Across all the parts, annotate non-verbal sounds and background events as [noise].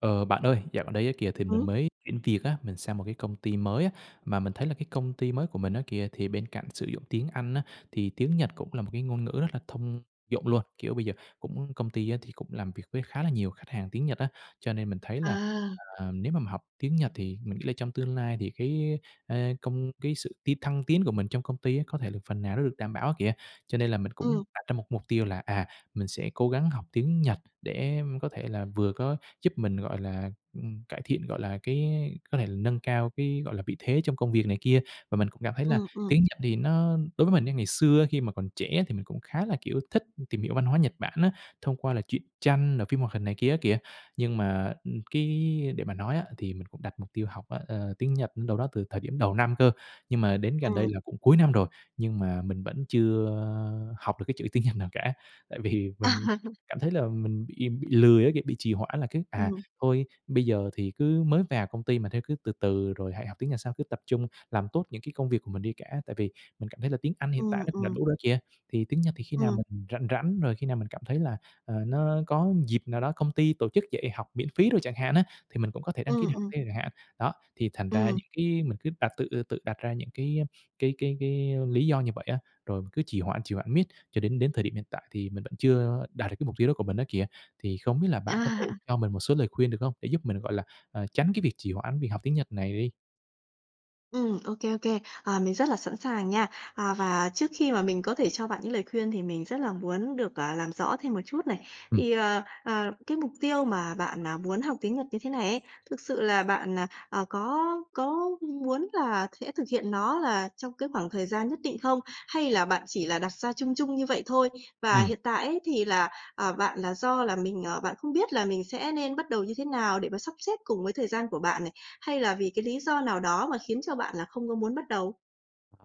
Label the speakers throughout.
Speaker 1: Ờ, bạn ơi, dạo gần đây á kìa thì mình
Speaker 2: Ừm.
Speaker 1: mới chuyển việc á, mình sang một cái công ty mới á, mà mình thấy là cái công ty mới của mình á kìa, thì bên cạnh sử dụng tiếng Anh á, thì tiếng Nhật cũng là một cái ngôn ngữ rất là thông dụng luôn. Kiểu, bây giờ cũng công ty á thì cũng làm việc với khá là nhiều khách hàng tiếng Nhật á, cho nên mình thấy là,
Speaker 2: À.
Speaker 1: à, nếu mà mình học tiếng Nhật thì mình nghĩ là trong tương lai thì cái, a, công cái sự t thăng tiến của mình trong công ty á có thể được phần nào nó được đảm bảo á kìa. Cho nên là mình cũng
Speaker 2: Ừm.
Speaker 1: đặt ra một mục tiêu là, à, mình sẽ cố gắng học tiếng Nhật để có thể là vừa có giúp mình, gọi là, ừm, cải thiện, gọi là, cái có thể là nâng cao cái, gọi là, vị thế trong công việc này kia và mình cũng cảm thấy là
Speaker 2: Ừm, ừm.
Speaker 1: tiếng Nhật thì nó đối với mình nha, ngày xưa ấy khi mà còn trẻ thì mình cũng khá là, kiểu, thích tìm hiểu văn hóa Nhật Bản á, thông qua là truyện tranh, rồi phim hoạt hình này kia á kìa, nhưng mà, ừm, cái để mà nói á thì mình cũng đặt mục tiêu học á, ờ, tiếng Nhật cũng đâu đó từ thời điểm đầu năm cơ, nhưng mà đến gần đây
Speaker 2: Ừm.
Speaker 1: là cũng cuối năm rồi, nhưng mà mình vẫn chưa học được cái chữ tiếng Nhật nào cả tại vì mình
Speaker 2: [chuckles]
Speaker 1: cảm thấy là mình bị bị lười á, kiểu, bị trì hoãn là cái, à,
Speaker 2: Ừm.
Speaker 1: thôi bây giờ thì cứ mới vào công ty mà thôi, cứ từ từ rồi hãy học tiếng Nhật sau cứ tập trung làm tốt những cái công việc của mình đi cả tại vì mình cảm thấy là tiếng Anh hiện tại
Speaker 2: Ừm,
Speaker 1: nó cũng đã
Speaker 2: ừm.
Speaker 1: đủ rồi kìa thì tiếng Nhật thì khi nào
Speaker 2: Ừm.
Speaker 1: mình rảnh rảnh, rồi khi nào mình cảm thấy là, à, nó có dịp nào đó công ty tổ chức dạy học miễn phí đồ chẳng hạn á, thì mình cũng có thể đăng ký để
Speaker 2: Ừm,
Speaker 1: học
Speaker 2: ừm.
Speaker 1: thêm chẳng hạn. Đó, thì thành ra
Speaker 2: Ừm.
Speaker 1: những cái mình cứ đặt tự tự đặt ra những cái, ơ, cái cái cái, ơ, lý do như vậy á, rồi cứ trì hoãn trì hoãn miết cho đến đến thời điểm hiện tại thì mình vẫn chưa đạt được cái mục tiêu đó của mình đó kìa. Thì không biết là bạn có thể
Speaker 2: [chuckles]
Speaker 1: cho mình một số lời khuyên được hông, để giúp mình gọi là, à, tránh cái việc trì hoãn việc học tiếng Nhật này đi?
Speaker 2: Ừm, ô kê, ô kê, à, mình rất là sẵn sàng nha. À, và trước khi mà mình có thể cho bạn những lời khuyên thì mình rất là muốn được, à, làm rõ thêm một chút này
Speaker 1: Ừm.
Speaker 2: thì, ờ, ờ, cái mục tiêu mà bạn, à, muốn học tiếng Nhật như thế này ấy, thực sự là bạn, à, à, có có muốn là sẽ thực hiện nó là trong cái khoảng thời gian nhất định không? Hay là bạn chỉ là đặt ra chung chung như vậy thôi? Và
Speaker 1: Ừm.
Speaker 2: hiện tại ấy thì là, ờ, bạn là do là mình, ờ, bạn không biết là mình sẽ nên bắt đầu như thế nào để mà sắp xếp cùng với thời gian của bạn này, hay là vì cái lý do nào đó mà khiến cho bạn là không có muốn bắt đầu?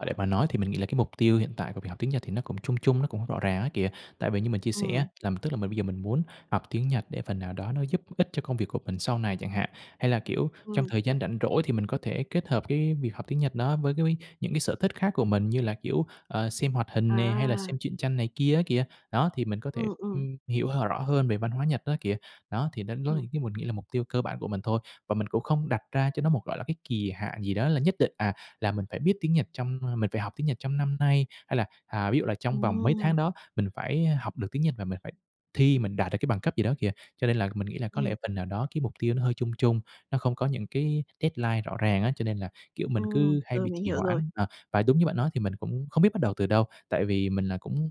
Speaker 1: À, để mà nói thì mình nghĩ là cái mục tiêu hiện tại của việc học tiếng Nhật thì nó cũng chung chung, nó cũng hông rõ ràng á kìa tại vì như mình chia sẻ á,
Speaker 2: Ừm.
Speaker 1: là tức là mình bây giờ mình muốn học tiếng Nhật để phần nào đó nó giúp ích cho công việc của mình sau này chẳng hạn. Hay là, kiểu, trong
Speaker 2: Ừm.
Speaker 1: thời gian rảnh rỗi thì mình có thể kết hợp cái việc học tiếng Nhật đó với cái mấy những cái sở thích khác của mình như là, kiểu, ờ, xem hoạt hình nè hay là xem
Speaker 2: À.
Speaker 1: truyện tranh này kia á kìa. Đó, thì mình có thể
Speaker 2: Ừm, ừm.
Speaker 1: ừm, hiểu hờ rõ hơn về văn hóa Nhật đó kìa. Đó, thì đến đó
Speaker 2: Ừm.
Speaker 1: thì cái mình nghĩ là mục tiêu cơ bản của mình thôi và mình cũng không đặt ra cho nó một, gọi là, cái kỳ hạn gì đó là nhất định, à, là mình phải biết tiếng Nhật trong, ưm, mình phải học tiếng Nhật trong năm nay, hay là, à, ví dụ là trong vòng mấy tháng
Speaker 2: Ừm.
Speaker 1: đó mình phải, a, học được tiếng Nhật và mình phải thi, mình đạt được cái bằng cấp gì đó kìa. Cho nên là mình nghĩ là có lẽ
Speaker 2: Ừm.
Speaker 1: phần nào đó cái mục tiêu nó hơi chung chung, nó không có những cái deadline rõ ràng á, cho nên là, kiểu, mình cứ
Speaker 2: Ừm,
Speaker 1: hay
Speaker 2: rồi,
Speaker 1: bị
Speaker 2: mình
Speaker 1: trì
Speaker 2: hiểu rồi.
Speaker 1: hoãn, ờ. Và đúng như bạn nói thì mình cũng không biết bắt đầu từ đâu, tại vì mình là cũng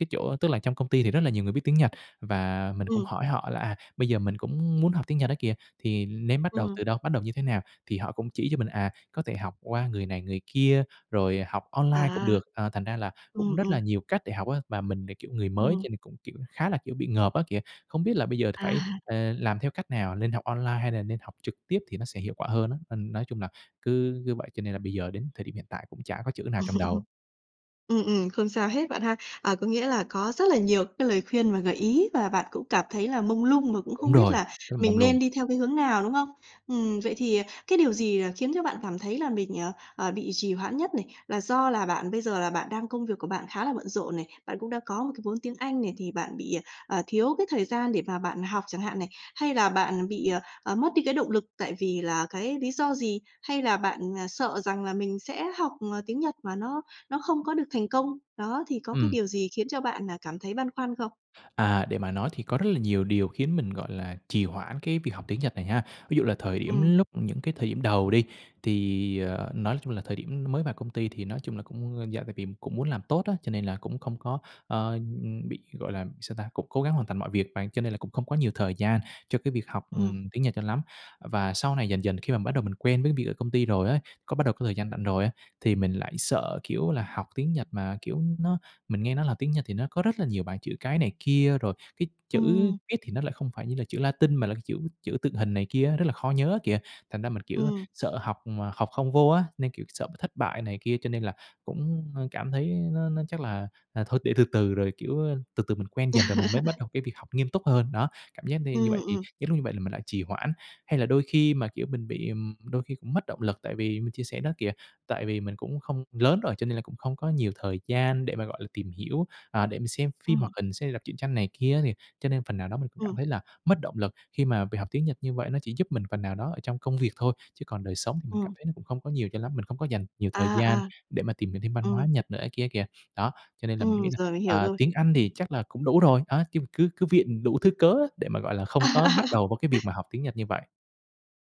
Speaker 1: cái chỗ tức là trong công ty thì rất là nhiều người biết tiếng Nhật và mình cũng
Speaker 2: Ừm.
Speaker 1: hỏi họ là, à, bây giờ mình cũng muốn học tiếng Nhật á kìa, thì nên bắt đầu
Speaker 2: Ừm.
Speaker 1: từ đâu? Bắt đầu như thế nào? Thì họ cũng chỉ cho mình, à, có thể học qua người này người kia, rồi học
Speaker 2: À.
Speaker 1: online cũng được, à, thành ra là cũng
Speaker 2: Ừm,
Speaker 1: rất là
Speaker 2: ừm.
Speaker 1: nhiều cách để học á. Và mình thì, kiểu, người mới cho
Speaker 2: Ừm.
Speaker 1: nên mình cũng, kiểu, khá là, kiểu, bị ngợp á kìa, không biết là bây giờ phải,
Speaker 2: À.
Speaker 1: à, làm theo cách nào, nên học online hay là nên học trực tiếp thì nó sẽ hiệu quả hơn á. Nên nói chung là cứ cứ vậy cho nên là bây giờ đến thời điểm hiện tại cũng chả có chữ nào trong đầu.
Speaker 2: [laughs] Ừm, ừm, không sao hết bạn ha! À, có nghĩa là có rất là nhiều cái lời khuyên mà gợi ý và bạn cũng cảm thấy là mông lung và cũng
Speaker 1: Đúng
Speaker 2: không biết
Speaker 1: rồi,
Speaker 2: là
Speaker 1: rất là
Speaker 2: mình
Speaker 1: mông lung.
Speaker 2: nên đi theo cái hướng nào, đúng không? Ừm, vậy thì, à, cái điều gì là khiến cho bạn cảm thấy là mình, ờ, ờ, bị trì hoãn nhất này? Là do là bạn bây giờ là bạn đang công việc của bạn khá là bận rộn này, bạn cũng đã có một cái vốn tiếng Anh này thì bạn bị, à, à, thiếu cái thời gian để mà bạn học chẳng hạn này, hay là bạn bị, à, à, mất đi cái động lực tại vì là cái lý do gì? Hay là bạn, à, sợ rằng là mình sẽ học, à, tiếng Nhật mà nó nó không có được thành công? Đó, thì có cái
Speaker 1: Ừm.
Speaker 2: điều gì khiến cho bạn, à, cảm thấy băn khoăn không?
Speaker 1: À, để mà nói thì có rất là nhiều điều khiến mình, gọi là, trì hoãn cái việc học tiếng Nhật này ha. Ví dụ là thời điểm
Speaker 2: Ừm.
Speaker 1: lúc những cái thời điểm đầu đi, thì, à, nói chung là thời điểm nó mới vào công ty thì nói chung là cũng dạ tại vì cũng muốn làm tốt á, cho nên là cũng không có, ờ, ừm, bị gọi là sao ta? Cũng cố gắng hoàn thành mọi việc mà, cho nên là cũng không có nhiều thời gian cho cái việc học,
Speaker 2: Ừm.
Speaker 1: ừm, tiếng Nhật cho lắm. Ờ, và sau này dần dần khi mà bắt đầu mình quen với việc ở công ty rồi á, có bắt đầu có thời gian rảnh rồi á, thì mình lại sợ, kiểu, là học tiếng Nhật mà kiểu nó mình nghe nói là tiếng Nhật thì nó có rất là nhiều bảng chữ cái này kia. Rồi cái chữ
Speaker 2: Ừm.
Speaker 1: viết thì nó lại không phải như là chữ Latinh mà là cái chữ chữ tượng hình này kia á rất là khó nhớ á kìa. Thành ra mình, kiểu,
Speaker 2: Ừm.
Speaker 1: sợ học mà học không vô á, nên, kiểu, sợ bị thất bại này kia cho nên là cũng, ơ, cảm thấy nó nó chắc là, à, thôi để từ từ rồi, kiểu, a, từ từ mình quen dần rồi mình mới bắt
Speaker 2: [laughs]
Speaker 1: đầu cái việc học nghiêm túc hơn, đó. Cảm giác đi như
Speaker 2: Ừm,
Speaker 1: vậy thì
Speaker 2: ừm.
Speaker 1: những lúc như vậy là mình lại trì hoãn. Hay là đôi khi mà, kiểu, mình bị, ừm, đôi khi cũng mất động lực tại vì mình chia sẻ đó kìa, tại vì mình cũng không lớn rồi cho nên là cũng không có nhiều thời gian để mà, gọi là, tìm hiểu, à, để mình xem phim hoạt
Speaker 2: Ừm.
Speaker 1: hình xem hay đọc truyện tranh này kia á thì cho nên phần nào đó mình cũng cảm
Speaker 2: Ừm.
Speaker 1: thấy là mất động lực khi mà việc học tiếng Nhật như vậy nó chỉ giúp mình phần nào đó ở trong công việc thôi, chứ còn đời sống thì mình cảm
Speaker 2: Ừm.
Speaker 1: thấy nó cũng không có nhiều cho lắm. Mình không có dành nhiều thời
Speaker 2: À,
Speaker 1: gian
Speaker 2: à.
Speaker 1: để mà tìm hiểu thêm văn hóa
Speaker 2: Ừm.
Speaker 1: Nhật nữa á kia kìa. Đó, cho nên là mình nghĩ
Speaker 2: Ừm,
Speaker 1: là
Speaker 2: rồi mình hiểu
Speaker 1: à
Speaker 2: rồi.
Speaker 1: tiếng Anh thì chắc là cũng đủ rồi, đó, khi mình cứ cứ viện đủ thứ cớ á để mà, gọi là, không có bắt đầu vô cái việc mà
Speaker 2: [laughs]
Speaker 1: học tiếng Nhật như vậy.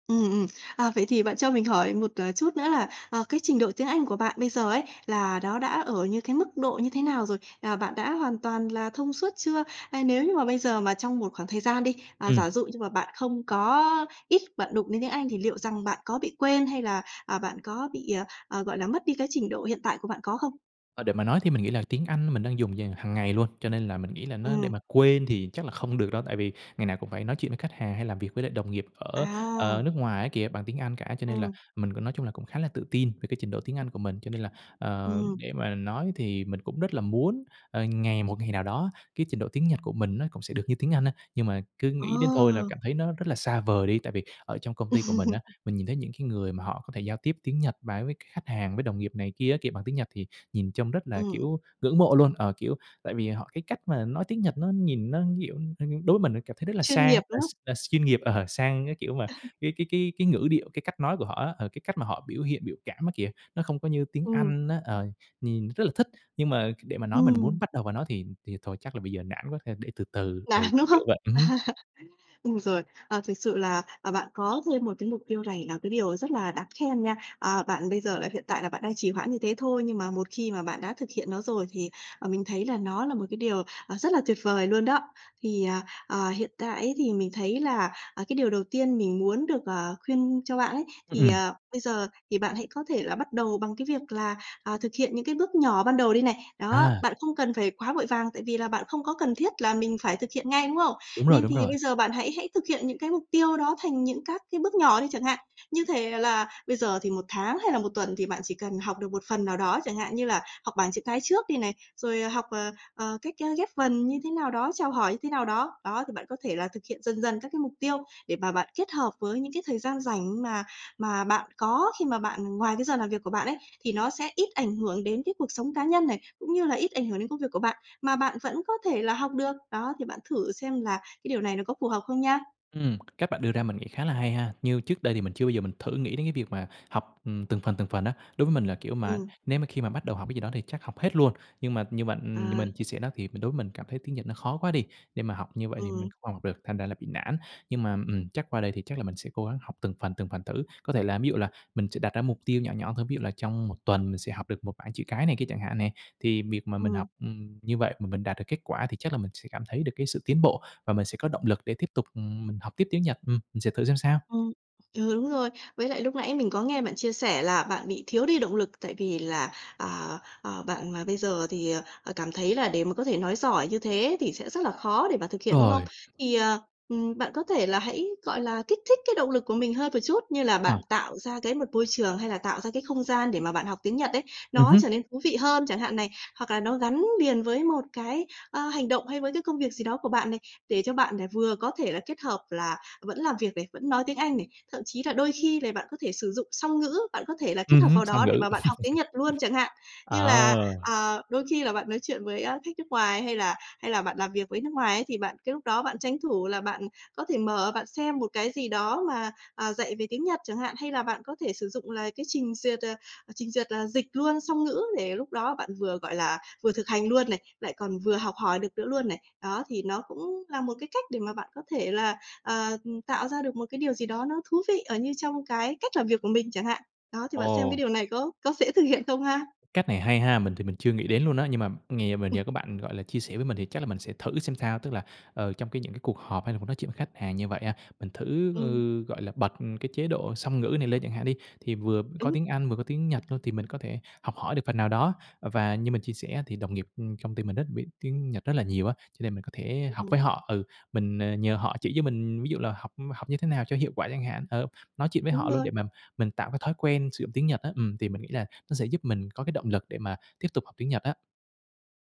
Speaker 2: Ừm, ừm. À, vậy thì bạn cho mình hỏi một, ờ, chút nữa là, à, cái trình độ tiếng Anh của bạn bây giờ ấy, là nó đã ở như cái mức độ như thế nào rồi? À, bạn đã hoàn toàn là thông suốt chưa? À, nếu như mà bây giờ mà trong một khoảng thời gian đi, à, giả
Speaker 1: Ừm.
Speaker 2: dụ như mà bạn không có ít bạn đụng đến tiếng Anh, thì liệu rằng bạn có bị quên hay là, à, bạn có bị, à, à, gọi là, mất đi cái trình độ hiện tại của bạn có không?
Speaker 1: Ờ, để mà nói thì mình nghĩ là tiếng Anh mình đang dùng dàng hàng ngày luôn, cho nên là mình nghĩ là nó để
Speaker 2: Ừm.
Speaker 1: mà quên thì chắc là không được đâu. Tại vì ngày nào cũng phải nói chuyện với khách hàng, hay làm việc với lại đồng nghiệp ở, ờ,
Speaker 2: À.
Speaker 1: nước ngoài á kìa bằng tiếng Anh cả, cho nên là
Speaker 2: Ừm.
Speaker 1: mình cũng, nói chung là, cũng khá là tự tin về cái trình độ tiếng Anh của mình. Cho nên là, ờ,
Speaker 2: Ừm.
Speaker 1: để mà nói thì mình cũng rất là muốn, ờ, ngày một ngày nào đó, cái trình độ tiếng Nhật của mình nó cũng sẽ được như tiếng Anh á. Nhưng mà cứ
Speaker 2: Ờ.
Speaker 1: nghĩ đến thôi là cảm thấy nó rất là xa vời đi. Tại vì ở trong công ty của mình á,
Speaker 2: [laughs]
Speaker 1: mình nhìn thấy những cái người mà họ có thể giao tiếp tiếng Nhật và với c khách hàng, với đồng nghiệp này kia á kìa bằng tiếng Nhật, thì nhìn trông rất là,
Speaker 2: Ừm.
Speaker 1: kiểu, ngưỡng mộ luôn. Ờ, kiểu, tại vì họ, cái cách mà nói tiếng Nhật nó nhìn nó, kiểu, h đối với mình cảm thấy rất là
Speaker 2: Chuyên
Speaker 1: sang,
Speaker 2: nghiệp,
Speaker 1: là
Speaker 2: đúng không?
Speaker 1: s là s chuyên nghiệp, ờ, sang, cái kiểu mà
Speaker 2: [laughs]
Speaker 1: cái cái cái cái ngữ điệu, cái cách nói của họ á, ờ, cái cách mà họ biểu hiện biểu cảm á kìa, nó không có như tiếng
Speaker 2: Ừm.
Speaker 1: Anh á, ờ, nhìn rất là thích. Nhưng mà c để mà nói mình muốn
Speaker 2: Ừm.
Speaker 1: bắt đầu vào nó thì thì thôi, chắc là bây giờ nản quá, thôi để từ từ,
Speaker 2: Nản,
Speaker 1: ừ,
Speaker 2: đúng
Speaker 1: kiểu,
Speaker 2: không?
Speaker 1: kiểu vậy, ừm hứm.
Speaker 2: [laughs] Ừm, rồi, ờ, thực sự là, à, bạn có thêm một cái mục tiêu này là cái điều rất là đáng khen nha. Ờ, bạn, bây giờ là hiện tại là bạn đang trì hoãn như thế thôi. Nhưng mà một khi mà bạn đã thực hiện nó rồi thì, ờ, mình thấy là nó là một cái điều, ờ, rất là tuyệt vời luôn đó. Thì, ờ, ờ, hiện tại ấy, thì mình thấy là, à, cái điều đầu tiên mình muốn được, ờ, khuyên cho bạn ấy, thì,
Speaker 1: Ừm.
Speaker 2: ờ, bây giờ thì bạn hãy có thể là bắt đầu bằng cái việc là, à, thực hiện những cái bước nhỏ ban đầu đi này. Đó,
Speaker 1: À.
Speaker 2: bạn không cần phải quá vội vàng, tại vì là bạn không có cần thiết là mình phải thực hiện ngay, đúng không?
Speaker 1: Đúng rồi,
Speaker 2: Nên
Speaker 1: đúng
Speaker 2: thì
Speaker 1: rồi.
Speaker 2: bây giờ bạn hãy hãy thực hiện những cái mục tiêu đó thành những các cái bước nhỏ đi chẳng hạn. Như thể là bây giờ thì một tháng hay là một tuần thì bạn chỉ cần học được một phần nào đó, chẳng hạn như là học bảng chữ cái trước đi này, rồi, ờ, học, ờ, ờ, cách, ơ, ghép vần như thế nào đó, chào hỏi như thế nào đó. Đó, thì bạn có thể là thực hiện dần dần các cái mục tiêu, để bà bạn kết hợp với những cái thời gian rảnh mà mà bạn có, khi mà bạn ngoài cái giờ làm việc của bạn ấy, thì nó sẽ ít ảnh hưởng đến cái cuộc sống cá nhân này, cũng như là ít ảnh hưởng đến công việc của bạn, mà bạn vẫn có thể là học được. Đó, thì bạn thử xem là cái điều này nó có phù hợp không nha.
Speaker 1: Ừm, cách bạn đưa ra mình nghĩ khá là hay ha. Như trước đây thì mình chưa bao giờ mình thử nghĩ đến cái việc mà học, ừm, từng phần, từng phần á. Đối với mình là, kiểu mà,
Speaker 2: Ừm.
Speaker 1: nếu mà khi mà bắt đầu học cái gì đó thì chắc học hết luôn. Nhưng mà như bạn ừm, như mình
Speaker 2: À.
Speaker 1: chia sẻ đó, thì mình đối mình cảm thấy tiếng Nhật nó khó quá đi. Để mà học như vậy thì mình
Speaker 2: Ừm.
Speaker 1: không học được, thành ra là bị nản. Nhưng mà, ừm, chắc qua đây thì chắc là mình sẽ cố gắng học từng phần, từng phần thử. Có thể là ví dụ là mình sẽ đặt ra mục tiêu nhỏ nhỏ thôi, ví dụ là trong 1 tuần mình sẽ học được 1 bảng chữ cái này kia chẳng hạn nè. Thì việc mà mình học,
Speaker 2: Ừm.
Speaker 1: ừm, như vậy mà mình đạt được kết quả thì chắc là mình sẽ cảm thấy được cái sự tiến bộ. Và mình sẽ có động lực để tiếp tục, ừm, mình học tiếp tiếng Nhật. Ừm, mình sẽ thử xem sao.
Speaker 2: Ừm, ừ, đúng rồi. Với lại lúc nãy mình có nghe bạn chia sẻ là bạn bị thiếu đi động lực, tại vì là, à, ờ, bạn mà bây giờ thì, ờ, cảm thấy là để mà có thể nói giỏi như thế thì sẽ rất là khó để mà thực hiện, đúng không?
Speaker 1: Rồi.
Speaker 2: Thì, ờ, ừm, bạn có thể là hãy, gọi là, kích thích cái động lực của mình hơn một chút, như là
Speaker 1: Ờ.
Speaker 2: bạn tạo ra cái một môi trường hay là tạo ra cái không gian để mà bạn học tiếng Nhật ấy,
Speaker 1: Ừm
Speaker 2: nó
Speaker 1: hứm.
Speaker 2: trở nên thú vị hơn chẳng hạn này. Hoặc là nó gắn liền với một cái, ơ, hành động hay với cái công việc gì đó của bạn này, để cho bạn này vừa có thể là kết hợp là vẫn làm việc này, vẫn nói tiếng Anh này. Thậm chí là đôi khi này bạn có thể sử dụng song ngữ, bạn có thể là kết
Speaker 1: Ừm
Speaker 2: hợp
Speaker 1: hứm,
Speaker 2: vào
Speaker 1: song
Speaker 2: đó để
Speaker 1: ngữ.
Speaker 2: mà bạn học tiếng Nhật luôn chẳng hạn.
Speaker 1: [laughs]
Speaker 2: Như là,
Speaker 1: Ờ.
Speaker 2: ờ, đôi khi là bạn nói chuyện với, ơ, khách nước ngoài hay là hay là bạn làm việc với nước ngoài ấy, thì bạn cái lúc đó bạn tranh thủ là bạn có thể mở, bạn xem một cái gì đó mà, à, dạy về tiếng Nhật chẳng hạn. Hay là bạn có thể sử dụng là cái trình duyệt, ờ, trình duyệt là dịch luôn song ngữ, để lúc đó bạn vừa, gọi là, vừa thực hành luôn này, lại còn vừa học hỏi được nữa luôn này. Đó, thì nó cũng là một cái cách để mà bạn có thể là, ờ, ừm, tạo ra được một cái điều gì đó nó thú vị, ờ, như trong cái cách làm việc của mình chẳng hạn. Đó, thì bạn xem cái
Speaker 1: Ồ!
Speaker 2: điều này có có dễ thực hiện không ha?
Speaker 1: Cách này hay ha. Mình thì mình chưa nghĩ đến luôn á, nhưng mà nghè mà
Speaker 2: Ừm.
Speaker 1: nhờ có bạn, gọi là, chia sẻ với mình thì chắc là mình sẽ thử xem sao. Tức là, ờ, trong cái những cái cuộc họp hay là muốn nói chuyện khách hàng như vậy á, mình thử,
Speaker 2: Ừm.
Speaker 1: ừ, gọi là, bật cái chế độ song ngữ này lên chẳng hạn đi, thì vừa có
Speaker 2: Đúng.
Speaker 1: tiếng Anh vừa có tiếng Nhật luôn, thì mình có thể học hỏi được phần nào đó. Và như mình chia sẻ á, thì đồng nghiệp, ừm, công ty mình rất biết tiếng Nhật rất là nhiều á, cho nên mình có thể học
Speaker 2: Ừm, ừm.
Speaker 1: với họ. Ừ, mình, ờ, nhờ họ chỉ cho mình, ví dụ là học học như thế nào cho hiệu quả chẳng hạn, ờ, nói chuyện với
Speaker 2: Đúng
Speaker 1: họ luôn,
Speaker 2: rồi.
Speaker 1: để mà mình tạo cái thói quen sử dụng tiếng Nhật á. Ừm, thì mình nghĩ là nó sẽ giúp mình có cái động lực để mà tiếp tục học tiếng Nhật á.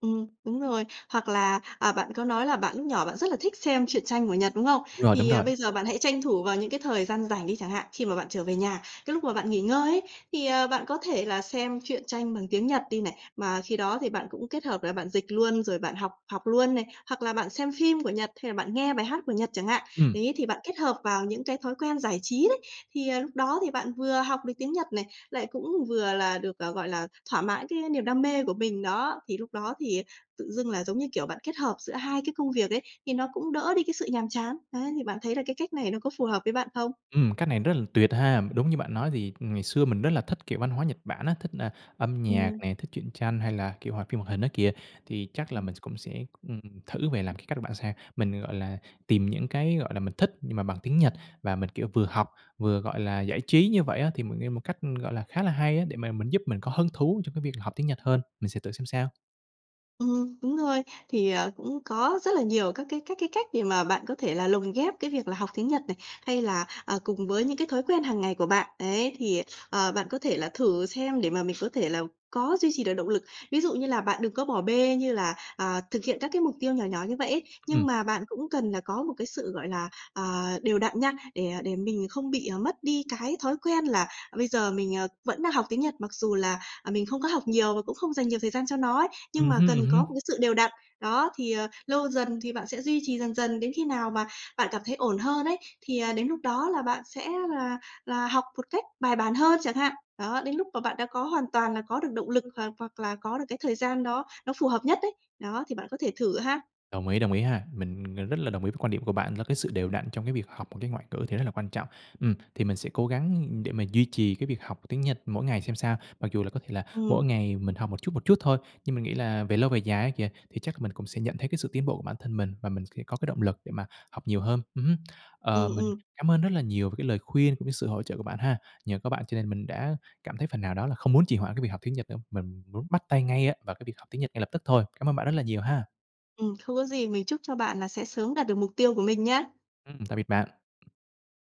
Speaker 2: Ừm, đúng rồi. Hoặc là, à, bạn có nói là bạn lúc nhỏ, bạn rất là thích xem truyện tranh của Nhật, đúng không?
Speaker 1: Đúng rồi, đúng
Speaker 2: Thì, ờ,
Speaker 1: rồi.
Speaker 2: bây giờ bạn hãy tranh thủ vào những cái thời gian rảnh đi chẳng hạn. Khi mà bạn trở về nhà, cái lúc mà bạn nghỉ ngơi ấy, thì, ờ, bạn có thể là xem truyện tranh bằng tiếng Nhật đi này. Mà khi đó thì bạn cũng kết hợp là bạn dịch luôn, rồi bạn học học luôn này, hoặc là bạn xem phim của Nhật, hay là bạn nghe bài hát của Nhật chẳng hạn.
Speaker 1: Ừm.
Speaker 2: Đấy, thì bạn kết hợp vào những cái thói quen giải trí đấy. Thì, ờ, lúc đó thì bạn vừa học được tiếng Nhật này, lại cũng vừa là được, ờ, gọi là, thỏa mãn cái niềm đam mê của mình đó. Thì lúc đó thì tự dưng là, giống như kiểu, bạn kết hợp giữa hai cái công việc ấy, thì nó cũng đỡ đi cái sự nhàm chán. Đấy, thì bạn thấy là cái cách này nó có phù hợp với bạn không?
Speaker 1: Ừm, cách này rất là tuyệt ha! Mà đúng như bạn nói thì ngày xưa mình rất là thích, kiểu, văn hóa Nhật Bản á, thích nà âm nhạc
Speaker 2: Ừm.
Speaker 1: nè, thích truyện tranh hay là, kiểu, hoạt phim hoạt hình á kìa. Thì chắc là
Speaker 2: Ừm.
Speaker 1: mình s cũng sẽ, ừm, thử về làm cái cách của bạn xem. Mình, gọi là, tìm những cái, gọi là, mình thích, nhưng mà bằng tiếng Nhật và mình, kiểu, vừa học vừa, gọi là, giải trí như vậy á, thì một nghe một cách, ư, gọi là, khá là hay á, để mà mình giúp mình có hứng thú trong cái việc là học tiếng Nhật hơn. Mình sẽ thử xem sao.
Speaker 2: Ừm, đúng rồi. Thì, ờ, cũng có rất là nhiều các cái các cái cách để mà bạn có thể là lồng ghép cái việc là học tiếng Nhật này, hay là, à, cùng với những cái thói quen hàng ngày của bạn. Ấy, thì, ờ, bạn có thể là thử xem để mà mình có thể là có duy trì được động lực. Ví dụ như là bạn đừng có bỏ bê như là, à, thực hiện các cái mục tiêu nhỏ nhỏ như vậy ấy,
Speaker 1: Ừm.
Speaker 2: nhưng mà bạn cũng cần là có một cái sự, gọi là, à, đều đặn nha, để, à, để mình không bị, ờ, mất đi cái thói quen là, ờ, bây giờ mình, ờ, vẫn đang học tiếng Nhật, mặc dù là, ờ, mình không có học nhiều và cũng không dành nhiều thời gian cho nó ấy, nhưng
Speaker 1: Ừm
Speaker 2: mà
Speaker 1: hưm, ừm
Speaker 2: cần có một
Speaker 1: hưm.
Speaker 2: cái sự đều đặn. Đó, thì, ờ, lâu dần thì bạn sẽ duy trì dần dần, đến khi nào mà bạn cảm thấy ổn hơn ấy, thì, à, đến lúc đó là bạn sẽ là là học một cách bài bản hơn, chẳng hạn. Đó, đến lúc mà bạn đã có hoàn toàn là có được động lực, hoặc hoặc là có được cái thời gian đó nó phù hợp nhất ấy. Đó, thì bạn có thể thử ha.
Speaker 1: Đồng ý, đồng ý ha. Mình gần rất là đồng ý với quan điểm của bạn, là cái sự đều đặn trong cái việc học một cái ngoại ngữ thì rất là quan trọng. Ừm, thì mình sẽ cố gắng, ư, để mà duy trì cái việc học tiếng Nhật mỗi ngày xem sao. Mặc dù là có thể là mỗi
Speaker 2: Ừm.
Speaker 1: ngày mình học một chút, một chút thôi, nhưng mình nghĩ là về lâu, về dài á kìa, thì chắc mình cũng sẽ nhận thấy cái sự tiến bộ bản thân mình và mình sẽ có cái động lực để mà học nhiều hơn. Ừm hưm. Ờ,
Speaker 2: Ừm,
Speaker 1: mình
Speaker 2: ừm.
Speaker 1: cảm ơn rất là nhiều về cái lời khuyên cũng như sự hỗ trợ của bạn ha. Nhờ có bạn cho nên mình đã cảm thấy phần nào đó là không muốn trì hoãn cái việc học tiếng Nhật nữa, mình muốn bắt tay ngay á vào cái việc học tiếng Nhật ngay lập tức thôi. Cám ơn bạn rất là nhiều ha.
Speaker 2: Ừm, không có gì. Mình chúc cho bạn là sẽ sớm đạt được mục tiêu của mình nha!
Speaker 1: Ừm, tạm biệt bạn.